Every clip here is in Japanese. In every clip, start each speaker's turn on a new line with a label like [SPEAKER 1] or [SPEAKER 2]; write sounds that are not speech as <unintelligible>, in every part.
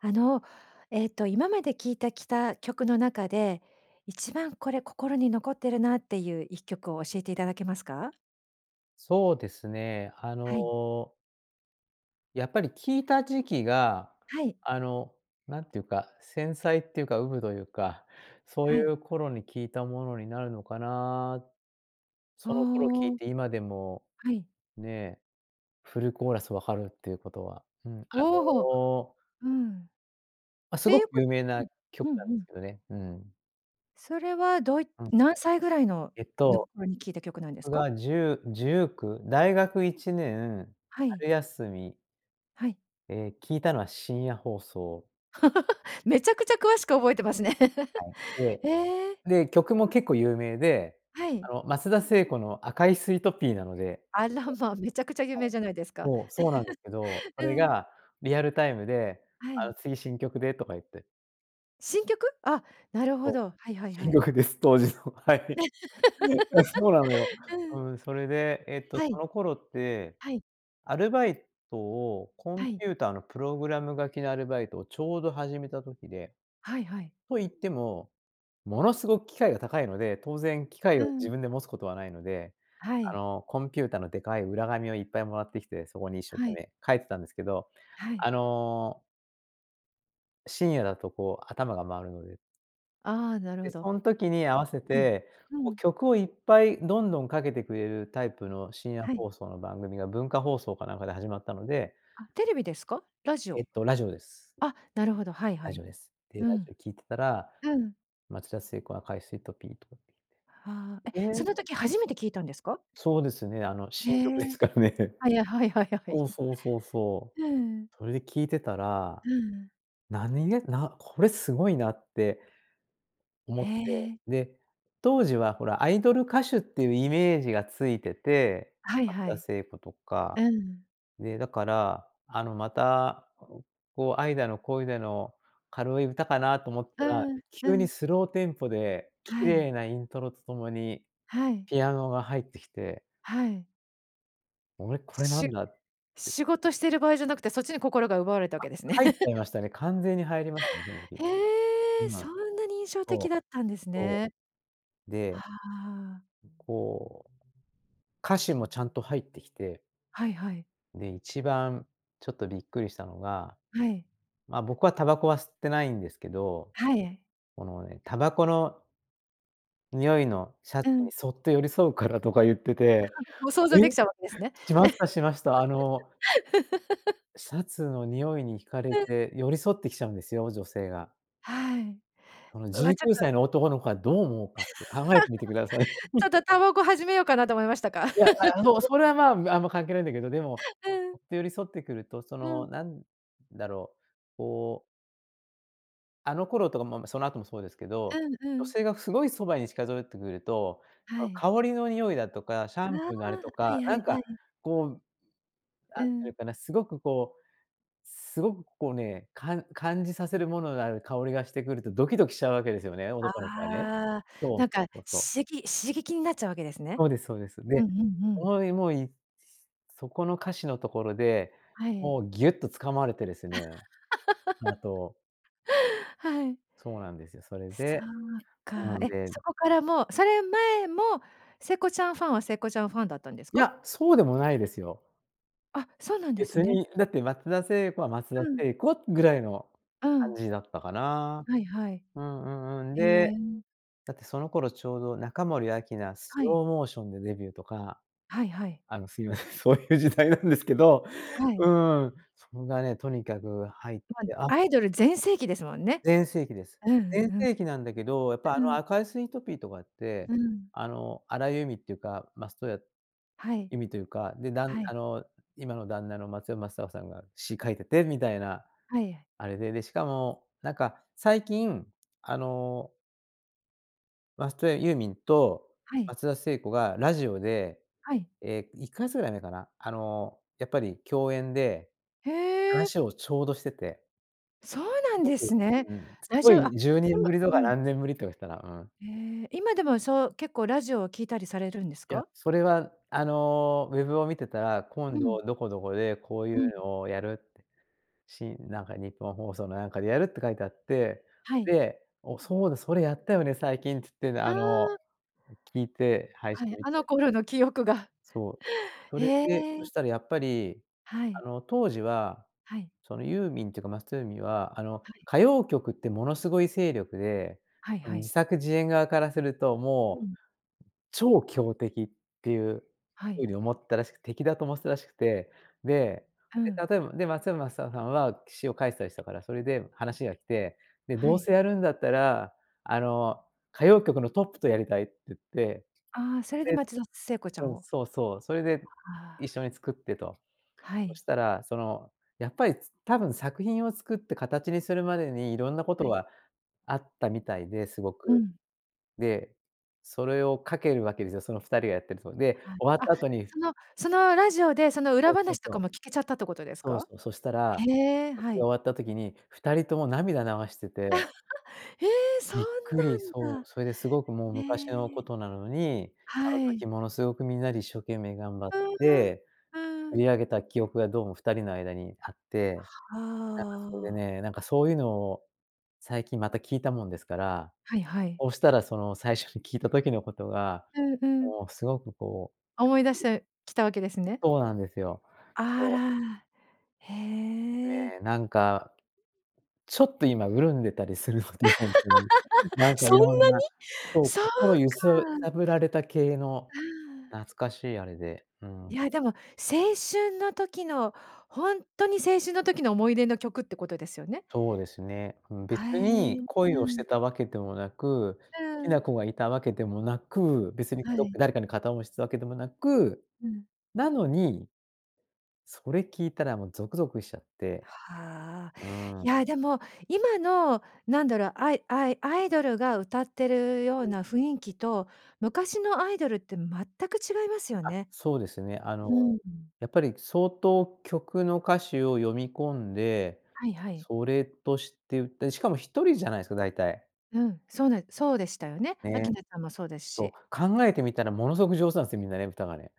[SPEAKER 1] あの、えっと、今まで聴いたきた曲の中で、一番、これ、心に残ってるなっていう1曲を教えていただけますか？
[SPEAKER 2] そうですね。あ
[SPEAKER 1] はい。
[SPEAKER 2] の。やっぱり聞いた時期が、
[SPEAKER 1] はい。
[SPEAKER 2] あの、なんていうか、繊細っていうか、うぶというか、そうい
[SPEAKER 1] はい。
[SPEAKER 2] う頃に聞いたものになるのかな。
[SPEAKER 1] あ
[SPEAKER 2] その頃聞
[SPEAKER 1] あ。
[SPEAKER 2] いて、今でも
[SPEAKER 1] はい。
[SPEAKER 2] ね、フルコーラスわかるっていうことは、うん、あ
[SPEAKER 1] おお！
[SPEAKER 2] の
[SPEAKER 1] うん。っ
[SPEAKER 2] ま、す
[SPEAKER 1] て
[SPEAKER 2] ご
[SPEAKER 1] い
[SPEAKER 2] く
[SPEAKER 1] うこ
[SPEAKER 2] 有
[SPEAKER 1] と
[SPEAKER 2] 名な
[SPEAKER 1] う
[SPEAKER 2] 曲
[SPEAKER 1] ん、う
[SPEAKER 2] なんで
[SPEAKER 1] んう
[SPEAKER 2] す
[SPEAKER 1] ん。
[SPEAKER 2] けどね。うーん。
[SPEAKER 1] それは、どうい
[SPEAKER 2] うん。
[SPEAKER 1] 何歳ぐらいの
[SPEAKER 2] えっ
[SPEAKER 1] の
[SPEAKER 2] と、
[SPEAKER 1] 頃に聴いた曲なんです
[SPEAKER 2] 僕
[SPEAKER 1] か？
[SPEAKER 2] が10、19、大学1年、
[SPEAKER 1] はい。
[SPEAKER 2] 春休み
[SPEAKER 1] はい。
[SPEAKER 2] え、聞いたのは深夜放送。
[SPEAKER 1] <laughs> めちゃくちゃ詳しく覚えてます
[SPEAKER 2] で、
[SPEAKER 1] ね。
[SPEAKER 2] はい。
[SPEAKER 1] <laughs> ええ。
[SPEAKER 2] で、で、曲も結構有名で、
[SPEAKER 1] は
[SPEAKER 2] あ
[SPEAKER 1] い。
[SPEAKER 2] の、松田聖子の赤いスイートピーなので。ええ、はい。
[SPEAKER 1] あら、ま、めちゃくちゃ有名じゃないですか。
[SPEAKER 2] もう、そうなんですけど、
[SPEAKER 1] <laughs>
[SPEAKER 2] そ
[SPEAKER 1] う
[SPEAKER 2] れ
[SPEAKER 1] ん。
[SPEAKER 2] がリアルタイムで、
[SPEAKER 1] は
[SPEAKER 2] あ
[SPEAKER 1] い。
[SPEAKER 2] の、次、「新曲で」とか言って。
[SPEAKER 1] 新曲？あ、なる
[SPEAKER 2] そ
[SPEAKER 1] ほど。はいはい
[SPEAKER 2] う。
[SPEAKER 1] は
[SPEAKER 2] 新
[SPEAKER 1] い。
[SPEAKER 2] 曲です、当時の、はい。ね、え、そうなのよ。
[SPEAKER 1] <giggles> う
[SPEAKER 2] う
[SPEAKER 1] ん。
[SPEAKER 2] ん、それで、えっと、
[SPEAKER 1] は
[SPEAKER 2] そ
[SPEAKER 1] い。
[SPEAKER 2] の頃って、
[SPEAKER 1] はい。
[SPEAKER 2] アルバイトをコン
[SPEAKER 1] はい。
[SPEAKER 2] ピューターのプログラム書きのアルバイトをちょうど始めた時で。
[SPEAKER 1] はいはい。
[SPEAKER 2] と言っても、ものすごく機械が高いので、当然機械
[SPEAKER 1] う
[SPEAKER 2] を自
[SPEAKER 1] ん。
[SPEAKER 2] 分で持つことはないので、
[SPEAKER 1] は
[SPEAKER 2] あ
[SPEAKER 1] い。
[SPEAKER 2] の、コンピューターのでかい裏紙をいっぱい貰ってきて、そこに一生
[SPEAKER 1] は
[SPEAKER 2] 懸
[SPEAKER 1] い。
[SPEAKER 2] 命書いてたんですけど、
[SPEAKER 1] はい。
[SPEAKER 2] あの。深夜だとこう、頭が回るので。
[SPEAKER 1] ああ、なるほ
[SPEAKER 2] で、
[SPEAKER 1] ど。は
[SPEAKER 2] そん時に合
[SPEAKER 1] い。
[SPEAKER 2] わせ
[SPEAKER 1] はい。
[SPEAKER 2] て、
[SPEAKER 1] う
[SPEAKER 2] こう
[SPEAKER 1] ん。
[SPEAKER 2] 曲をいっぱいどんどんかけてくれるタイプの深夜
[SPEAKER 1] はい。
[SPEAKER 2] 放送の番組が文化放送かなんかで始まったので。
[SPEAKER 1] あ、テレビですか？ラジ
[SPEAKER 2] えっ
[SPEAKER 1] オ。
[SPEAKER 2] と、ラジオです。
[SPEAKER 1] あ、なるほど、はい
[SPEAKER 2] ラ
[SPEAKER 1] は
[SPEAKER 2] ジ
[SPEAKER 1] い。
[SPEAKER 2] オです。で、
[SPEAKER 1] う
[SPEAKER 2] ラジ
[SPEAKER 1] ん。
[SPEAKER 2] オ聞いてたら、
[SPEAKER 1] うん。
[SPEAKER 2] 松田聖子、赤いスイートピーと
[SPEAKER 1] はあ、え、
[SPEAKER 2] ええ。
[SPEAKER 1] その時初めて聞いたんですか？
[SPEAKER 2] そうですね。あの、
[SPEAKER 1] へ
[SPEAKER 2] 新曲で
[SPEAKER 1] え、
[SPEAKER 2] すからね。
[SPEAKER 1] はいはいはいは
[SPEAKER 2] そ
[SPEAKER 1] い。
[SPEAKER 2] うそうそうそう。
[SPEAKER 1] ええ。
[SPEAKER 2] それで聞いてたら。
[SPEAKER 1] うん。
[SPEAKER 2] 何が、なこれすごいなって。思
[SPEAKER 1] へ
[SPEAKER 2] って、
[SPEAKER 1] え。
[SPEAKER 2] で、当時はほら、アイドル歌手っていうイメージがついてて、
[SPEAKER 1] はい
[SPEAKER 2] 松
[SPEAKER 1] は
[SPEAKER 2] 田
[SPEAKER 1] い。
[SPEAKER 2] 聖子とか。
[SPEAKER 1] うん。
[SPEAKER 2] で、だから、あの、また、こう愛だの恋だの、軽い歌かなと思っ
[SPEAKER 1] う
[SPEAKER 2] たら、
[SPEAKER 1] んう
[SPEAKER 2] 急に
[SPEAKER 1] ん。
[SPEAKER 2] スローテンポで綺
[SPEAKER 1] はい。
[SPEAKER 2] 麗なイントロとともに、
[SPEAKER 1] はい。
[SPEAKER 2] ピアノが入ってきて。
[SPEAKER 1] はい。
[SPEAKER 2] おれ、これな
[SPEAKER 1] しゅ
[SPEAKER 2] んだって
[SPEAKER 1] 仕事してる場合じゃなくて、そっちに心が奪われたわ
[SPEAKER 2] あ、
[SPEAKER 1] けですね。
[SPEAKER 2] 入っちゃいま
[SPEAKER 1] <laughs>
[SPEAKER 2] したね、完全に入りましたね、正直。
[SPEAKER 1] へえ、
[SPEAKER 2] ま
[SPEAKER 1] そ
[SPEAKER 2] あ、
[SPEAKER 1] んなに印象
[SPEAKER 2] そ
[SPEAKER 1] 的
[SPEAKER 2] う
[SPEAKER 1] だったんです
[SPEAKER 2] そ
[SPEAKER 1] ね。
[SPEAKER 2] う。
[SPEAKER 1] は
[SPEAKER 2] で。
[SPEAKER 1] あ。
[SPEAKER 2] こう。歌詞もちゃんと入ってきて。
[SPEAKER 1] はいはい。
[SPEAKER 2] で、一番、ちょっと、びっくりしたのが、
[SPEAKER 1] はい。
[SPEAKER 2] ま、僕はタバコは吸ってないんですけど。
[SPEAKER 1] はい。
[SPEAKER 2] この、ね、タバコの匂いのシャ
[SPEAKER 1] う
[SPEAKER 2] ツ
[SPEAKER 1] ん。
[SPEAKER 2] にそっと寄り添うからとか言ってて、
[SPEAKER 1] <laughs> もう想
[SPEAKER 2] え、
[SPEAKER 1] 像できちゃうわけですね。
[SPEAKER 2] しましたしました。あの。
[SPEAKER 1] <laughs>
[SPEAKER 2] シャツの匂いに惹かれ
[SPEAKER 1] うん。
[SPEAKER 2] て、寄り添ってきちゃうんですよ、女性が。
[SPEAKER 1] はい。
[SPEAKER 2] その、
[SPEAKER 1] う
[SPEAKER 2] じゅ
[SPEAKER 1] わ、
[SPEAKER 2] うき
[SPEAKER 1] ちょっ
[SPEAKER 2] ゅ
[SPEAKER 1] と
[SPEAKER 2] うさいの男の子がどう思うかって考えてみてください。
[SPEAKER 1] <laughs> ちょ
[SPEAKER 2] <laughs>
[SPEAKER 1] っとタバコ始めようかなと思いましたか？
[SPEAKER 2] いや、ああのう、
[SPEAKER 1] <laughs>
[SPEAKER 2] それは、ま、あんま関係ないんだけど、でも、
[SPEAKER 1] <laughs> うん。
[SPEAKER 2] ふっと寄り添ってくると、そ
[SPEAKER 1] う
[SPEAKER 2] の、
[SPEAKER 1] ん。
[SPEAKER 2] なんだろう、こう。あの頃とかも、その後もそうですけど、
[SPEAKER 1] うんう
[SPEAKER 2] 女
[SPEAKER 1] ん。
[SPEAKER 2] 性がすごいそばに近寄ってくると、
[SPEAKER 1] は
[SPEAKER 2] あの、
[SPEAKER 1] い。
[SPEAKER 2] 香りの匂いだとか、シャ
[SPEAKER 1] ああ、
[SPEAKER 2] ンプーのあれと
[SPEAKER 1] は
[SPEAKER 2] か、
[SPEAKER 1] いはい
[SPEAKER 2] な
[SPEAKER 1] は
[SPEAKER 2] ん
[SPEAKER 1] いは
[SPEAKER 2] か、
[SPEAKER 1] い。
[SPEAKER 2] こう。
[SPEAKER 1] うー
[SPEAKER 2] なんてい
[SPEAKER 1] ん。
[SPEAKER 2] うかな、すごく、こう、すごく、こう、ね、かん感じさせるものがある香りがしてくると、ドキドキしちゃうわけですよね、男の子はね。
[SPEAKER 1] ああ、
[SPEAKER 2] そう
[SPEAKER 1] なん
[SPEAKER 2] そう
[SPEAKER 1] か、
[SPEAKER 2] そうそう。
[SPEAKER 1] しき刺激になっちゃうわけですね。
[SPEAKER 2] そうですそうです。
[SPEAKER 1] うん
[SPEAKER 2] で、
[SPEAKER 1] うんうん。
[SPEAKER 2] <unintelligible> そこの歌詞のところで、
[SPEAKER 1] はい。
[SPEAKER 2] もう、ぎゅっと掴まれてですね、あと
[SPEAKER 1] <laughs> はい。
[SPEAKER 2] そうなんですよ。それ
[SPEAKER 1] そ
[SPEAKER 2] で、
[SPEAKER 1] うか、
[SPEAKER 2] うん、
[SPEAKER 1] え、
[SPEAKER 2] で。
[SPEAKER 1] そこからもうそれ前も、聖子ちゃんファンは聖子ちゃんファンだったんです
[SPEAKER 2] い
[SPEAKER 1] か？
[SPEAKER 2] や、そうでもないですよ。
[SPEAKER 1] あ、そうなんです
[SPEAKER 2] 別
[SPEAKER 1] ね。
[SPEAKER 2] に、だって松田聖子は松田
[SPEAKER 1] うん。
[SPEAKER 2] 聖子、ぐらいの
[SPEAKER 1] う
[SPEAKER 2] 感
[SPEAKER 1] ん。
[SPEAKER 2] じだったかな。
[SPEAKER 1] はいはい。
[SPEAKER 2] うんうんうん。
[SPEAKER 1] へ
[SPEAKER 2] で、
[SPEAKER 1] え。
[SPEAKER 2] だってその頃ちょうど中森明菜ス
[SPEAKER 1] はい。
[SPEAKER 2] ローモーションでデビューとか。
[SPEAKER 1] はいはい。
[SPEAKER 2] あのすいません、そういう時代なんですけど、
[SPEAKER 1] は
[SPEAKER 2] う
[SPEAKER 1] い。
[SPEAKER 2] ん、それがね、とにかく入っ
[SPEAKER 1] ま、
[SPEAKER 2] て、あ
[SPEAKER 1] アイドル全盛期ですもんね。
[SPEAKER 2] 全盛期です。
[SPEAKER 1] うんう
[SPEAKER 2] 全
[SPEAKER 1] ん。
[SPEAKER 2] 盛期なんだけど、やっぱ
[SPEAKER 1] う
[SPEAKER 2] あの
[SPEAKER 1] ん。
[SPEAKER 2] 赤いスイートピーとかって、
[SPEAKER 1] うん。
[SPEAKER 2] あの、荒井由実っていうか、松任谷、
[SPEAKER 1] はい。
[SPEAKER 2] 由実というか、で、だん
[SPEAKER 1] はい。
[SPEAKER 2] あの、今の旦那の松尾マサオさんが詩書いててみたいな、
[SPEAKER 1] はい。
[SPEAKER 2] あれで、で、しかもなんか最近あの松任谷ユーミンと
[SPEAKER 1] はい。
[SPEAKER 2] 松田聖子がラジオで、
[SPEAKER 1] はい。
[SPEAKER 2] え、1か月ぐらい前かな、あの、やっぱり共演で、
[SPEAKER 1] へえ。
[SPEAKER 2] 話をちょうどしてて
[SPEAKER 1] そうな
[SPEAKER 2] す
[SPEAKER 1] ん
[SPEAKER 2] ご
[SPEAKER 1] で
[SPEAKER 2] く、う
[SPEAKER 1] すね。
[SPEAKER 2] ーん。すっ
[SPEAKER 1] 大
[SPEAKER 2] ご
[SPEAKER 1] 丈あ
[SPEAKER 2] い、
[SPEAKER 1] っ
[SPEAKER 2] じゅうね
[SPEAKER 1] で
[SPEAKER 2] ん
[SPEAKER 1] も、
[SPEAKER 2] ぶりとか
[SPEAKER 1] うん。
[SPEAKER 2] 何年ぶりとか言ってたな、うん。
[SPEAKER 1] へえ、今でもそう結構ラジオを聴いたりされるんです
[SPEAKER 2] いや、
[SPEAKER 1] か？
[SPEAKER 2] それはあの、ウェブを見てたら、
[SPEAKER 1] う
[SPEAKER 2] 今
[SPEAKER 1] ん。
[SPEAKER 2] 度どこどこでこうい
[SPEAKER 1] うん。
[SPEAKER 2] うのをやる、し、なんかニッポン放送のなんかでやるって書いてあって、
[SPEAKER 1] はい。
[SPEAKER 2] で、お、そうだそれやったよね、最近つって
[SPEAKER 1] あ
[SPEAKER 2] あの、
[SPEAKER 1] あ。
[SPEAKER 2] 聞いて配信
[SPEAKER 1] はい、
[SPEAKER 2] み
[SPEAKER 1] あ
[SPEAKER 2] た
[SPEAKER 1] の
[SPEAKER 2] り。
[SPEAKER 1] 頃の記憶が
[SPEAKER 2] そう、それ
[SPEAKER 1] へ
[SPEAKER 2] で、そ
[SPEAKER 1] え。
[SPEAKER 2] したらやっぱり、
[SPEAKER 1] は
[SPEAKER 2] あ
[SPEAKER 1] い。
[SPEAKER 2] の当時は、
[SPEAKER 1] はい。
[SPEAKER 2] そのユーミンっていうか松任谷由実は、あの
[SPEAKER 1] はい。
[SPEAKER 2] 歌謡曲ってものすごい勢力で、
[SPEAKER 1] はいはい。
[SPEAKER 2] 自作自演側からすると、
[SPEAKER 1] う
[SPEAKER 2] も
[SPEAKER 1] ん。
[SPEAKER 2] う、超強敵っていう
[SPEAKER 1] は
[SPEAKER 2] 風
[SPEAKER 1] い。
[SPEAKER 2] に思ったらしく敵だと思ってたらしくて、で、
[SPEAKER 1] う
[SPEAKER 2] で
[SPEAKER 1] ん。
[SPEAKER 2] 例えば、で松山マサオさんは詩を書いてたりしたからそれで話が来て、で、
[SPEAKER 1] は
[SPEAKER 2] どう
[SPEAKER 1] い。
[SPEAKER 2] せやるんだったらあの、歌謡曲のトップとやりたいって言って、
[SPEAKER 1] ああ、それで
[SPEAKER 2] で
[SPEAKER 1] 松田聖子ちゃん
[SPEAKER 2] うん、
[SPEAKER 1] を
[SPEAKER 2] そうそう、それで
[SPEAKER 1] あ
[SPEAKER 2] 一
[SPEAKER 1] あ。
[SPEAKER 2] 緒に作ってと。
[SPEAKER 1] は
[SPEAKER 2] そ
[SPEAKER 1] い。
[SPEAKER 2] したらその、やっぱり、つ多分作品を作って形にするまでに色んなこと
[SPEAKER 1] はい。
[SPEAKER 2] があったみたいで、すご
[SPEAKER 1] う
[SPEAKER 2] く。
[SPEAKER 1] ん。
[SPEAKER 2] で、それをかけるわけですよ。その2人がやってると。で、
[SPEAKER 1] は
[SPEAKER 2] 終わっ
[SPEAKER 1] あ。あっ、
[SPEAKER 2] た後に
[SPEAKER 1] その、そのラジオでその裏
[SPEAKER 2] そうそ
[SPEAKER 1] 話
[SPEAKER 2] う
[SPEAKER 1] と
[SPEAKER 2] そ
[SPEAKER 1] か
[SPEAKER 2] う。
[SPEAKER 1] も聞けちゃったってことです
[SPEAKER 2] そう
[SPEAKER 1] か？
[SPEAKER 2] そう、そしたら、
[SPEAKER 1] へえ、
[SPEAKER 2] 撮
[SPEAKER 1] は
[SPEAKER 2] 影終
[SPEAKER 1] い。
[SPEAKER 2] わった時に2人とも涙流してて。
[SPEAKER 1] <laughs> へえ、そ
[SPEAKER 2] びっくり、
[SPEAKER 1] んなん
[SPEAKER 2] そう、
[SPEAKER 1] だ。
[SPEAKER 2] それですごくもう昔の
[SPEAKER 1] へ
[SPEAKER 2] こ
[SPEAKER 1] え。
[SPEAKER 2] となのに、あ
[SPEAKER 1] は
[SPEAKER 2] の
[SPEAKER 1] い。
[SPEAKER 2] 時ものすごくみんなで一生懸命頑張っ
[SPEAKER 1] うーん。
[SPEAKER 2] て、
[SPEAKER 1] う
[SPEAKER 2] 売
[SPEAKER 1] ん。
[SPEAKER 2] り上げた記憶がどうも2人の間にあって、
[SPEAKER 1] は
[SPEAKER 2] なんかそれで
[SPEAKER 1] あ。
[SPEAKER 2] ね、なんかそういうのを最近また聞いたもんですから、
[SPEAKER 1] はいはい。
[SPEAKER 2] そうしたらその、最初に聞いた時のことが、
[SPEAKER 1] うんうん。
[SPEAKER 2] もうすごくこ
[SPEAKER 1] 思い出し
[SPEAKER 2] う
[SPEAKER 1] てきたわけですね。
[SPEAKER 2] そうなんですよ。
[SPEAKER 1] あ
[SPEAKER 2] そう。
[SPEAKER 1] らあら、へえ。
[SPEAKER 2] ね、なんか、ちょっと今潤んでたりするので、本当に。な
[SPEAKER 1] <laughs>
[SPEAKER 2] んかい
[SPEAKER 1] そん
[SPEAKER 2] ろん
[SPEAKER 1] なに？
[SPEAKER 2] な、そう、
[SPEAKER 1] そう
[SPEAKER 2] 心ゆすゆ
[SPEAKER 1] か。
[SPEAKER 2] さぶられた系の、
[SPEAKER 1] ああ。
[SPEAKER 2] 懐かしいあれで、うん。
[SPEAKER 1] いやでも青春の時の、本当に青春の時の思い出の曲ってことですよね？
[SPEAKER 2] そうですね。ん、
[SPEAKER 1] はへ
[SPEAKER 2] 別に
[SPEAKER 1] え、
[SPEAKER 2] 恋
[SPEAKER 1] う
[SPEAKER 2] をして
[SPEAKER 1] ん。
[SPEAKER 2] たわけでもなく、好
[SPEAKER 1] う
[SPEAKER 2] き
[SPEAKER 1] ん。
[SPEAKER 2] な子がいたわけでもなく、別に、
[SPEAKER 1] は
[SPEAKER 2] ど
[SPEAKER 1] い。
[SPEAKER 2] 誰かに片思いしたわけでもなく、
[SPEAKER 1] うん。
[SPEAKER 2] なのにそれ聞いたらもうゾクゾクしちゃって、
[SPEAKER 1] はあ。
[SPEAKER 2] う
[SPEAKER 1] い
[SPEAKER 2] ん。
[SPEAKER 1] やでも今の、なんだろう、アイアイアイドルが歌ってるよう
[SPEAKER 2] うん。
[SPEAKER 1] な雰囲気と昔のアイドルって全く違いますよ
[SPEAKER 2] あっ、
[SPEAKER 1] ね。
[SPEAKER 2] そうですね。あの、
[SPEAKER 1] うん。
[SPEAKER 2] やっぱり相当曲の歌詞を読み込んで、
[SPEAKER 1] はいはい。
[SPEAKER 2] それとして言って、しかも1人じゃないですか、だいたい。
[SPEAKER 1] うん、そうね、そうでしたよね。
[SPEAKER 2] ね。
[SPEAKER 1] 明菜さんもそうです
[SPEAKER 2] と
[SPEAKER 1] し。
[SPEAKER 2] 考えてみたらものすごく上手なんですよ、みんなね、歌がね。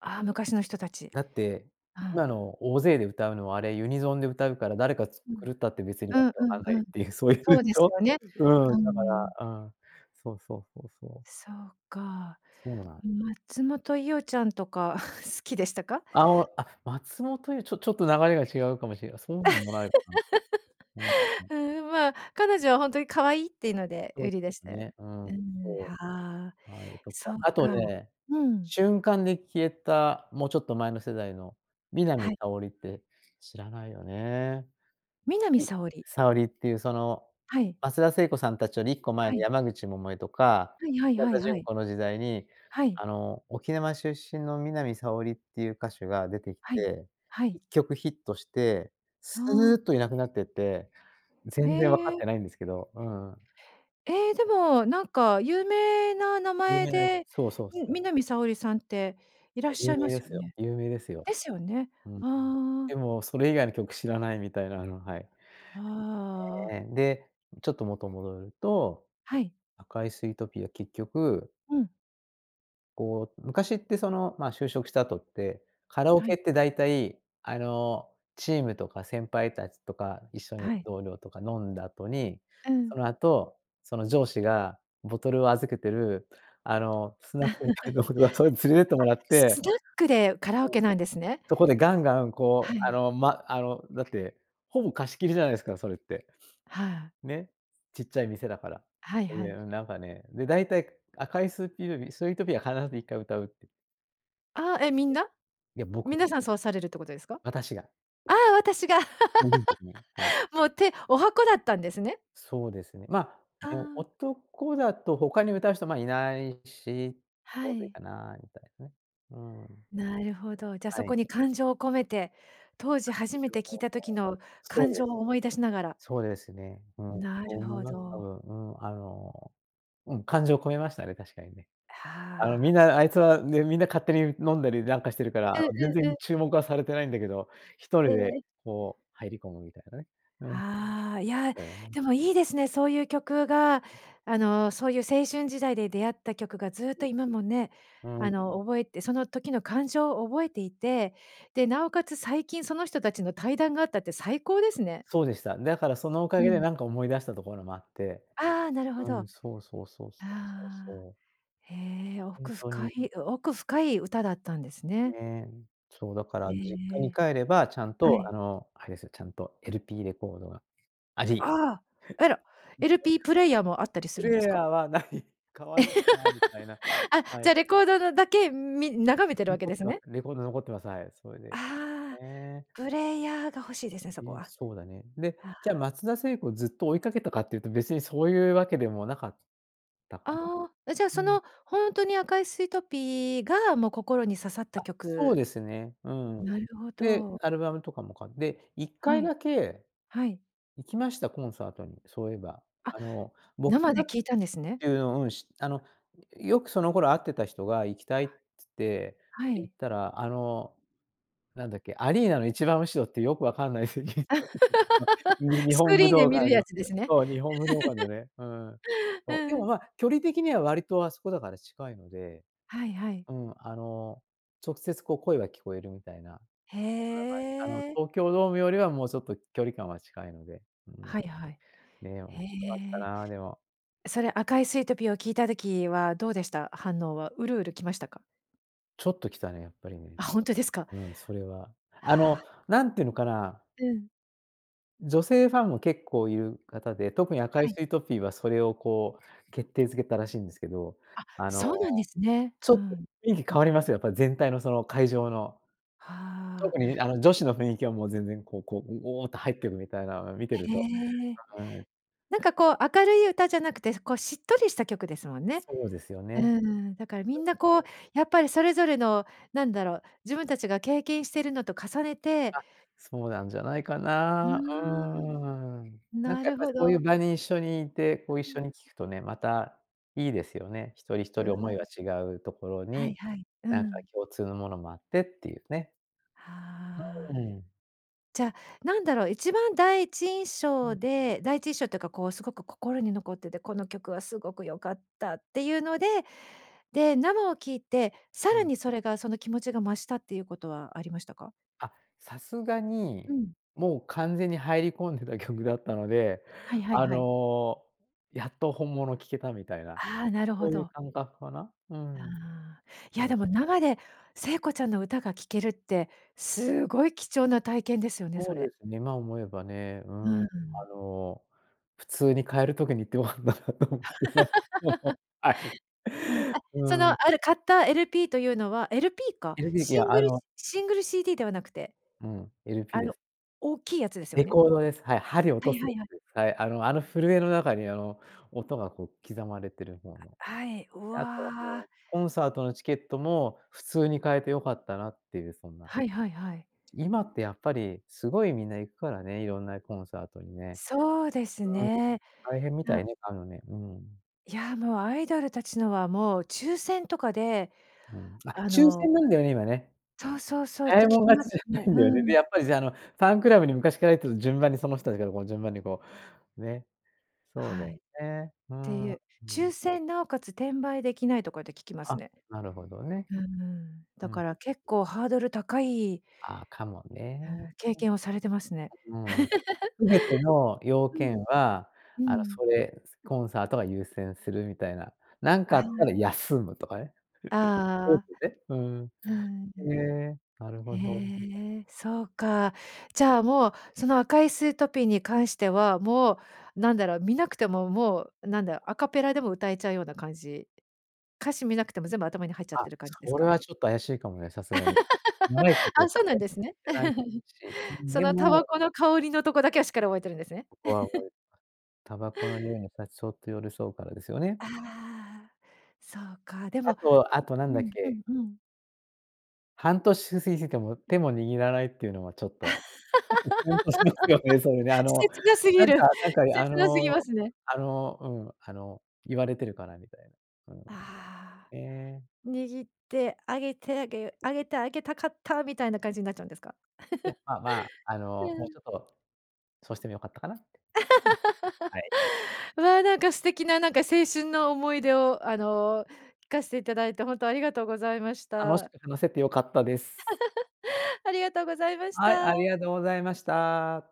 [SPEAKER 1] ああ、昔の人たち。
[SPEAKER 2] だって、
[SPEAKER 1] う
[SPEAKER 2] 今
[SPEAKER 1] ん。
[SPEAKER 2] の、大勢で歌うのは、あれ、ユニゾンで歌うから、誰か、つ
[SPEAKER 1] うん。
[SPEAKER 2] 狂ったって、別に
[SPEAKER 1] う
[SPEAKER 2] わ
[SPEAKER 1] ん
[SPEAKER 2] けわかん
[SPEAKER 1] う
[SPEAKER 2] な
[SPEAKER 1] ん
[SPEAKER 2] い
[SPEAKER 1] う
[SPEAKER 2] っ
[SPEAKER 1] ん、
[SPEAKER 2] ていう、そういう
[SPEAKER 1] そ
[SPEAKER 2] ん
[SPEAKER 1] うで
[SPEAKER 2] し
[SPEAKER 1] す
[SPEAKER 2] ょ？
[SPEAKER 1] よね、
[SPEAKER 2] うん、
[SPEAKER 1] うー
[SPEAKER 2] だか
[SPEAKER 1] ん。
[SPEAKER 2] ら、うん、そうそうそうそう。
[SPEAKER 1] そうか、
[SPEAKER 2] そうなん。
[SPEAKER 1] ん、松本伊代ちゃんとか <chuckles> 好きでしたか？
[SPEAKER 2] あお、あ、松本伊代、ちょちょっと、流れが違うかもしれなそうでもないかな。はい、
[SPEAKER 1] <laughs>
[SPEAKER 2] はい。
[SPEAKER 1] うーん、まあ、彼女はほんとに可愛いっていうので
[SPEAKER 2] そう、
[SPEAKER 1] 売り出し
[SPEAKER 2] す
[SPEAKER 1] て
[SPEAKER 2] ね。うん、
[SPEAKER 1] うん、
[SPEAKER 2] そ
[SPEAKER 1] はあ、
[SPEAKER 2] う。はい、と
[SPEAKER 1] そ
[SPEAKER 2] か、
[SPEAKER 1] っ
[SPEAKER 2] あと
[SPEAKER 1] か。
[SPEAKER 2] ね、
[SPEAKER 1] うん。
[SPEAKER 2] 瞬間で消えた、もうちょっと前の世代の、南
[SPEAKER 1] はい。
[SPEAKER 2] 沙織って知らないよね。
[SPEAKER 1] 南沙織。
[SPEAKER 2] 沙織っていう、その、
[SPEAKER 1] はい。
[SPEAKER 2] 松田聖子さんたちより1個前
[SPEAKER 1] は
[SPEAKER 2] の、
[SPEAKER 1] い。
[SPEAKER 2] 山口百恵とか
[SPEAKER 1] はいはい
[SPEAKER 2] 桜
[SPEAKER 1] は
[SPEAKER 2] 田
[SPEAKER 1] いは
[SPEAKER 2] 淳
[SPEAKER 1] い。
[SPEAKER 2] 子の時代に、
[SPEAKER 1] はい。
[SPEAKER 2] あの、沖縄出身の南沙織っていう歌手が出てき
[SPEAKER 1] はい、
[SPEAKER 2] て、
[SPEAKER 1] は
[SPEAKER 2] い
[SPEAKER 1] い。
[SPEAKER 2] っきょくヒットして
[SPEAKER 1] あ
[SPEAKER 2] すーっ
[SPEAKER 1] あ。
[SPEAKER 2] といなくなってって、
[SPEAKER 1] へ
[SPEAKER 2] 全然わかっ
[SPEAKER 1] え。
[SPEAKER 2] てないんですけど、うん。
[SPEAKER 1] ええ、でもなんか有名な名
[SPEAKER 2] 有
[SPEAKER 1] 前
[SPEAKER 2] 名な、い
[SPEAKER 1] で
[SPEAKER 2] そうそうそう。
[SPEAKER 1] ん、南沙織さんっていらっ
[SPEAKER 2] そう、
[SPEAKER 1] しゃ
[SPEAKER 2] 有
[SPEAKER 1] いま
[SPEAKER 2] 名
[SPEAKER 1] す
[SPEAKER 2] で
[SPEAKER 1] よ
[SPEAKER 2] すよ、
[SPEAKER 1] ね。
[SPEAKER 2] 有名ですよ。
[SPEAKER 1] ですよね？
[SPEAKER 2] うん。
[SPEAKER 1] ああ。
[SPEAKER 2] でも、それ以外の曲知らないみたいな、あの、はい。
[SPEAKER 1] ああ、ああ。
[SPEAKER 2] ええええ、で、ちょっと元戻ると、
[SPEAKER 1] はい。
[SPEAKER 2] 赤いスイートピーは結局
[SPEAKER 1] うん。
[SPEAKER 2] こう、昔ってその、まあ、就職した後って、カラオ
[SPEAKER 1] は
[SPEAKER 2] ケ
[SPEAKER 1] い。
[SPEAKER 2] って大体、あの、チームとか先輩たちとか一緒に
[SPEAKER 1] はい。
[SPEAKER 2] 同僚とか飲んだあとに、
[SPEAKER 1] うん。
[SPEAKER 2] そのあと、その上司がボトルを預けてる、あの、ス
[SPEAKER 1] <laughs>
[SPEAKER 2] ナッ
[SPEAKER 1] あ、
[SPEAKER 2] クみたいとことかそういうの連れてってもらって
[SPEAKER 1] す
[SPEAKER 2] はい、
[SPEAKER 1] スナックでカラオケなんですね？
[SPEAKER 2] そこでガンガン
[SPEAKER 1] は
[SPEAKER 2] こう、あ
[SPEAKER 1] い。
[SPEAKER 2] の、ま、あの、だって、ほぼ貸し切りじゃないですか、それって、
[SPEAKER 1] はあ。
[SPEAKER 2] ね、ちっちゃい店だから。
[SPEAKER 1] はい
[SPEAKER 2] そい
[SPEAKER 1] は
[SPEAKER 2] で、
[SPEAKER 1] い。
[SPEAKER 2] うん、なんかね、で大体、か赤いスーピールビスイートピーは必ず1回歌うって
[SPEAKER 1] ああ、え、みんな？
[SPEAKER 2] いや、僕。
[SPEAKER 1] 皆さんそうされるってことですか？
[SPEAKER 2] 私が。
[SPEAKER 1] ああ、私が。
[SPEAKER 2] <unintelligible> ですね。はい。
[SPEAKER 1] <laughs> もう、て十八番だったんですね。
[SPEAKER 2] そうですね。まあ、
[SPEAKER 1] あ
[SPEAKER 2] ね、
[SPEAKER 1] あ。
[SPEAKER 2] 男だとほかに歌う人、まあ、いないし、ち
[SPEAKER 1] は
[SPEAKER 2] ょうどいい
[SPEAKER 1] い。
[SPEAKER 2] かなみたい、ね、うん。
[SPEAKER 1] なるほど。じゃ、
[SPEAKER 2] は
[SPEAKER 1] そこ
[SPEAKER 2] い。
[SPEAKER 1] に感情を込めて、当時初めて聞いた時の
[SPEAKER 2] <unintelligible> そう
[SPEAKER 1] 感
[SPEAKER 2] で
[SPEAKER 1] 情を思い出しながら。
[SPEAKER 2] そうですね、うん、
[SPEAKER 1] な
[SPEAKER 2] そう
[SPEAKER 1] る
[SPEAKER 2] 思い
[SPEAKER 1] ほ
[SPEAKER 2] ます、多
[SPEAKER 1] ど。
[SPEAKER 2] 分。うん、あの、うん、感情込めましたね、確かにね。あの、
[SPEAKER 1] は
[SPEAKER 2] み
[SPEAKER 1] あ。
[SPEAKER 2] んなあいつはね、みんな勝手に飲んだりなんかしてるから、あ
[SPEAKER 1] うん、
[SPEAKER 2] の、全
[SPEAKER 1] うん、う
[SPEAKER 2] 然
[SPEAKER 1] ん。
[SPEAKER 2] 注目はされてないんだけど、一人
[SPEAKER 1] へ
[SPEAKER 2] で
[SPEAKER 1] え。
[SPEAKER 2] こう入り込むみたいなね、うん。あっ
[SPEAKER 1] ああ、いや、
[SPEAKER 2] たよね。
[SPEAKER 1] でもいいですね、そういう曲が、あの、そういう青春時代で出会った曲がずっと今も、ね、
[SPEAKER 2] <unintelligible> うん。
[SPEAKER 1] あの、覚えてその時の感情を覚えていて、で、なおかつ最近その人たちの対談があったって最高ですね。
[SPEAKER 2] そうでした。だからそのお
[SPEAKER 1] う
[SPEAKER 2] 陰で、
[SPEAKER 1] ん。
[SPEAKER 2] なんか思い出したところもあって、
[SPEAKER 1] ああ、なるほ
[SPEAKER 2] う
[SPEAKER 1] ど。あ
[SPEAKER 2] ん、そうそうそうそうそう
[SPEAKER 1] あ、
[SPEAKER 2] そう。
[SPEAKER 1] へえ、
[SPEAKER 2] ほん
[SPEAKER 1] 奥
[SPEAKER 2] と
[SPEAKER 1] 深
[SPEAKER 2] に。
[SPEAKER 1] い、お奥深い歌だったんですね。
[SPEAKER 2] ね。そう、だか
[SPEAKER 1] え
[SPEAKER 2] ら実
[SPEAKER 1] ええ
[SPEAKER 2] 家に
[SPEAKER 1] え。
[SPEAKER 2] 帰れば、ちゃん
[SPEAKER 1] は
[SPEAKER 2] と
[SPEAKER 1] い。
[SPEAKER 2] あの、あれすよ、ちゃんと LP レコードが、あじ
[SPEAKER 1] あ！えら
[SPEAKER 2] <chuckles>
[SPEAKER 1] LP プレイヤーもあったり
[SPEAKER 2] <unintelligible>
[SPEAKER 1] す
[SPEAKER 2] プ
[SPEAKER 1] るん
[SPEAKER 2] レ
[SPEAKER 1] で
[SPEAKER 2] イ
[SPEAKER 1] す
[SPEAKER 2] ヤ
[SPEAKER 1] か？
[SPEAKER 2] ーはない、買わなきゃなみたいな。
[SPEAKER 1] <laughs> あ、
[SPEAKER 2] は
[SPEAKER 1] じゃ
[SPEAKER 2] い。
[SPEAKER 1] あレコードだだけ、み眺めてるわけ
[SPEAKER 2] 残
[SPEAKER 1] で
[SPEAKER 2] っ
[SPEAKER 1] す
[SPEAKER 2] てま
[SPEAKER 1] ね？
[SPEAKER 2] す、レコード残ってます、はい。それで
[SPEAKER 1] ああ、
[SPEAKER 2] ね。
[SPEAKER 1] プレイヤーが欲しいですね、そ
[SPEAKER 2] い
[SPEAKER 1] こ
[SPEAKER 2] や、
[SPEAKER 1] は。
[SPEAKER 2] そうだね。で、
[SPEAKER 1] あ
[SPEAKER 2] じゃあ、
[SPEAKER 1] あ
[SPEAKER 2] 松田聖子をずっと追いかけたかっていうと、別にそういうわけでもなかったか
[SPEAKER 1] ああ、え、じゃあ、
[SPEAKER 2] な？
[SPEAKER 1] そ
[SPEAKER 2] うん。
[SPEAKER 1] の、ほんとに、赤いスイートピーがもう、心に刺さった
[SPEAKER 2] あ、そう
[SPEAKER 1] 曲？
[SPEAKER 2] ですね、うん。
[SPEAKER 1] なるほ
[SPEAKER 2] で、
[SPEAKER 1] ど。
[SPEAKER 2] アルバムとかもかで、いっか
[SPEAKER 1] は
[SPEAKER 2] い
[SPEAKER 1] い。
[SPEAKER 2] だけ
[SPEAKER 1] はい。
[SPEAKER 2] 行きました、コンサートに、そういえば。
[SPEAKER 1] あ、
[SPEAKER 2] あの、僕
[SPEAKER 1] 生
[SPEAKER 2] が
[SPEAKER 1] で
[SPEAKER 2] っ
[SPEAKER 1] 聴いたんですね。
[SPEAKER 2] ていうのうん、しあの、よくその頃会ってた人が行きたいつって、
[SPEAKER 1] はい。は
[SPEAKER 2] 行っ
[SPEAKER 1] い。
[SPEAKER 2] たら、あの、なんだっけ、アリーナの一番後ろってよくわかんない席に、に
[SPEAKER 1] <laughs>
[SPEAKER 2] 日
[SPEAKER 1] スク
[SPEAKER 2] 本
[SPEAKER 1] リ
[SPEAKER 2] 武
[SPEAKER 1] ーンで
[SPEAKER 2] 道
[SPEAKER 1] 観る
[SPEAKER 2] 館
[SPEAKER 1] や
[SPEAKER 2] の
[SPEAKER 1] つですね。
[SPEAKER 2] そう、日本武道館の
[SPEAKER 1] <laughs>
[SPEAKER 2] ね、うん、そう。で
[SPEAKER 1] う
[SPEAKER 2] も、
[SPEAKER 1] ん。
[SPEAKER 2] まあ、距離的には割とあそこ、だから近いので、
[SPEAKER 1] はいはい。
[SPEAKER 2] うん、あの、直接こう、声が聞こえるみたいなそんな
[SPEAKER 1] へ
[SPEAKER 2] 感じ。あの、
[SPEAKER 1] え。
[SPEAKER 2] 東京ドームよりはもうちょっと距離感は近いので、うん。
[SPEAKER 1] はいはい。
[SPEAKER 2] ね、面
[SPEAKER 1] へ
[SPEAKER 2] 白かった
[SPEAKER 1] え。
[SPEAKER 2] な、でも。
[SPEAKER 1] それ、赤いスイートピーを聞いた時はどうでした、反応は？ウルウル来ましたか？
[SPEAKER 2] ちょっときたね、やっぱりね、
[SPEAKER 1] あ、ほんとですか？
[SPEAKER 2] うん、それは。あ
[SPEAKER 1] は
[SPEAKER 2] の、
[SPEAKER 1] あ。
[SPEAKER 2] 何て言うのかな
[SPEAKER 1] うん。
[SPEAKER 2] 女性ファンも結構いるかたで、特に赤い
[SPEAKER 1] はい。
[SPEAKER 2] スイートピーはそれをこう、決定付けたらしいんですけど。
[SPEAKER 1] あっ、
[SPEAKER 2] あの、
[SPEAKER 1] そうなんですね。
[SPEAKER 2] ちょ
[SPEAKER 1] ふ
[SPEAKER 2] っと
[SPEAKER 1] ん。
[SPEAKER 2] 雰囲気変わります、やっぱり全体のその会場の。
[SPEAKER 1] はあ。
[SPEAKER 2] 特にみあの、女子の雰囲気はもう全然こう、こう、ごおっと入ってくみたいな、あ、見てると
[SPEAKER 1] へえ。
[SPEAKER 2] はい。
[SPEAKER 1] なんか、こう、明るい歌じゃなくて、そ、こう、しっとりした曲ですもんね。
[SPEAKER 2] そうですよ
[SPEAKER 1] うー
[SPEAKER 2] ね。
[SPEAKER 1] ん。だからみんなこう、
[SPEAKER 2] <unintelligible>
[SPEAKER 1] やっぱりそれぞれの、なんだろう、自分たちが経験してるのと重ねて
[SPEAKER 2] あ、そうなんじゃないか
[SPEAKER 1] うー
[SPEAKER 2] な、うーん。
[SPEAKER 1] ん。
[SPEAKER 2] なん
[SPEAKER 1] な
[SPEAKER 2] かやっ
[SPEAKER 1] る
[SPEAKER 2] ぱり
[SPEAKER 1] ほ
[SPEAKER 2] そういう
[SPEAKER 1] ど。
[SPEAKER 2] 場に一緒に居て、こう、一緒に聞
[SPEAKER 1] <unintelligible>
[SPEAKER 2] くとね、またいいですよね。一人一
[SPEAKER 1] うん。
[SPEAKER 2] 人思いは違うところ
[SPEAKER 1] はい
[SPEAKER 2] に、
[SPEAKER 1] はい。う
[SPEAKER 2] なんか、
[SPEAKER 1] ん。
[SPEAKER 2] 共通のものもあってっていうね。
[SPEAKER 1] は
[SPEAKER 2] う
[SPEAKER 1] あ。
[SPEAKER 2] ーん。
[SPEAKER 1] じゃあ、なんだろう、一番、第一印
[SPEAKER 2] う
[SPEAKER 1] 象
[SPEAKER 2] ん。
[SPEAKER 1] で第一印象っていうかこう、すごく心に残ってて、この曲はすごく良かったっていうので、で、生を聴いてさ
[SPEAKER 2] う
[SPEAKER 1] ら
[SPEAKER 2] ん。
[SPEAKER 1] にそれが、その、気持ちが増したっていうことはありましたか？
[SPEAKER 2] あっ、さすが
[SPEAKER 1] う
[SPEAKER 2] に
[SPEAKER 1] ん。
[SPEAKER 2] もう、完全に入り込んでた曲 <chuckles> だったので、
[SPEAKER 1] はいはい
[SPEAKER 2] あ
[SPEAKER 1] はい。
[SPEAKER 2] の、やっと本物聴けたみたいな
[SPEAKER 1] ああ、なるほ
[SPEAKER 2] そういう
[SPEAKER 1] ど。
[SPEAKER 2] 感覚かな、うん。
[SPEAKER 1] ああ、いや、
[SPEAKER 2] そ
[SPEAKER 1] でも、
[SPEAKER 2] う。
[SPEAKER 1] 生で聖子ちゃんの歌が聴けるってすごい貴重な体験ですよね、そ
[SPEAKER 2] そう
[SPEAKER 1] れ。
[SPEAKER 2] ですね、今思えばね、う
[SPEAKER 1] うー
[SPEAKER 2] ん、あ
[SPEAKER 1] ん。
[SPEAKER 2] の、普通に買える時に行って良かったなと思ってさ、そうそう、
[SPEAKER 1] <laughs>
[SPEAKER 2] はい。
[SPEAKER 1] うん、あ、
[SPEAKER 2] う
[SPEAKER 1] その、
[SPEAKER 2] ーん。
[SPEAKER 1] あれ、買った LP というのは LP か？
[SPEAKER 2] LP き
[SPEAKER 1] シング
[SPEAKER 2] あ
[SPEAKER 1] ル
[SPEAKER 2] の
[SPEAKER 1] しシングル CD ではなくて？
[SPEAKER 2] うん、LP
[SPEAKER 1] あ
[SPEAKER 2] で
[SPEAKER 1] の、
[SPEAKER 2] す。
[SPEAKER 1] 大きいやつですよ
[SPEAKER 2] レ
[SPEAKER 1] ね？
[SPEAKER 2] コードです、はい、針を落
[SPEAKER 1] は
[SPEAKER 2] とや
[SPEAKER 1] いはいはい。
[SPEAKER 2] つです、はい、あのあの、震えの中に、あの、音がこう刻まれてるほうの。
[SPEAKER 1] はい、う
[SPEAKER 2] あと、も
[SPEAKER 1] わ。
[SPEAKER 2] う、コンサートのチケットも普通に買えて良かったなっていう、そんな。
[SPEAKER 1] はいはいはい。
[SPEAKER 2] 今ってやっぱり、すごいみんな行くからね、色んなコンサートにね、
[SPEAKER 1] そうです
[SPEAKER 2] うん。
[SPEAKER 1] ね。
[SPEAKER 2] 大変みた
[SPEAKER 1] う
[SPEAKER 2] いね、買うのね、うん。
[SPEAKER 1] いや、もう、アイドルたちのは、もう、抽選とかで、
[SPEAKER 2] うん、あ、
[SPEAKER 1] あ
[SPEAKER 2] 抽
[SPEAKER 1] の
[SPEAKER 2] 選なんだよね、今ね。
[SPEAKER 1] そうそうそう、っ
[SPEAKER 2] 早
[SPEAKER 1] て
[SPEAKER 2] い
[SPEAKER 1] 聞
[SPEAKER 2] もん
[SPEAKER 1] き
[SPEAKER 2] 勝
[SPEAKER 1] ま
[SPEAKER 2] ちじ
[SPEAKER 1] す
[SPEAKER 2] ゃな
[SPEAKER 1] ね。
[SPEAKER 2] いんだよね。
[SPEAKER 1] う
[SPEAKER 2] で、
[SPEAKER 1] ん。
[SPEAKER 2] やっぱりさ、あの、ファンクラブに昔から入ってる順番にその人たちがこの順番に、こう、ね。そうだ
[SPEAKER 1] はい。
[SPEAKER 2] よ
[SPEAKER 1] っ
[SPEAKER 2] ね。う
[SPEAKER 1] て
[SPEAKER 2] ん。
[SPEAKER 1] い
[SPEAKER 2] う
[SPEAKER 1] う
[SPEAKER 2] ん。
[SPEAKER 1] 抽選、尚且つ、転売出来ないとかって聞きます
[SPEAKER 2] あ、
[SPEAKER 1] ね。
[SPEAKER 2] なるほどね。
[SPEAKER 1] うんうん。
[SPEAKER 2] う
[SPEAKER 1] だか
[SPEAKER 2] ん。
[SPEAKER 1] ら結構ハードル高い
[SPEAKER 2] ああ、かも
[SPEAKER 1] う
[SPEAKER 2] ね
[SPEAKER 1] ん。経験をされてますね。
[SPEAKER 2] <unintelligible> うん。
[SPEAKER 1] <laughs>
[SPEAKER 2] 全ての要
[SPEAKER 1] うん
[SPEAKER 2] 件は、
[SPEAKER 1] うん。う
[SPEAKER 2] あの、
[SPEAKER 1] ん。
[SPEAKER 2] それ、コンサートが優先するみたいな。なん
[SPEAKER 1] あ
[SPEAKER 2] かあった
[SPEAKER 1] あ。
[SPEAKER 2] ら休むとかね。<laughs>
[SPEAKER 1] あ
[SPEAKER 2] <unintelligible>
[SPEAKER 1] あ。
[SPEAKER 2] ね。うん。
[SPEAKER 1] うん。
[SPEAKER 2] へえ、なるほど。
[SPEAKER 1] へえ、そうか。じゃあ、もう、その赤いスイートピーに関しては、もう、なんだろ、見なくても、もう、なんだ、アカペラでも歌えちゃうような感じ歌詞見なくても、全部頭に入っちゃっ
[SPEAKER 2] あ、
[SPEAKER 1] てる感じです
[SPEAKER 2] それ
[SPEAKER 1] か？
[SPEAKER 2] はちょっと怪しいかもね、さすがに。
[SPEAKER 1] <laughs>
[SPEAKER 2] 長いこと
[SPEAKER 1] あ、そ
[SPEAKER 2] カ
[SPEAKER 1] う
[SPEAKER 2] ラ
[SPEAKER 1] なん
[SPEAKER 2] オケ
[SPEAKER 1] です
[SPEAKER 2] に
[SPEAKER 1] ね。
[SPEAKER 2] 行ってないし。う
[SPEAKER 1] <laughs>
[SPEAKER 2] ん、
[SPEAKER 1] そ
[SPEAKER 2] で
[SPEAKER 1] のタバ
[SPEAKER 2] も
[SPEAKER 1] コの香りのとこだけはしっかり覚えてるんですね。
[SPEAKER 2] ここは
[SPEAKER 1] <laughs>
[SPEAKER 2] 覚えあ、タバコの臭いのシャツそっと寄り添うからですよね？
[SPEAKER 1] ああ、そうか。で
[SPEAKER 2] あ
[SPEAKER 1] も
[SPEAKER 2] と、あと何
[SPEAKER 1] う
[SPEAKER 2] だっ
[SPEAKER 1] んう
[SPEAKER 2] け？
[SPEAKER 1] んうん。
[SPEAKER 2] 半年す過ぎても、手も握らないっていうのは、ちょっと、ちょっと、キュンとしますよね、それね。あ
[SPEAKER 1] <laughs>
[SPEAKER 2] の、
[SPEAKER 1] 切なすぎ
[SPEAKER 2] なん
[SPEAKER 1] る、
[SPEAKER 2] か、なんか、あ
[SPEAKER 1] 切なすぎ
[SPEAKER 2] の
[SPEAKER 1] ますね。
[SPEAKER 2] あの、うん、あの、言われてるかなみたいな。うん。
[SPEAKER 1] あ
[SPEAKER 2] ね。
[SPEAKER 1] あ。握ってあげてあげあげてあげたかった、みたいな感じになっちゃうんですか？
[SPEAKER 2] いや、まあ、まあ、あ
[SPEAKER 1] <laughs> う
[SPEAKER 2] の、もう
[SPEAKER 1] ん。
[SPEAKER 2] ちょっと、そうしても良かったかなって。うん、はい。
[SPEAKER 1] <laughs> わあ、なんか、素敵な、なんか、青春の思い出を、あの、聞かせていただいて、本当ありがとうございまし
[SPEAKER 2] 楽し
[SPEAKER 1] た。
[SPEAKER 2] く話せて良かったです。
[SPEAKER 1] <laughs> ありがとうございまし
[SPEAKER 2] はい、
[SPEAKER 1] た。
[SPEAKER 2] ありがとうございました。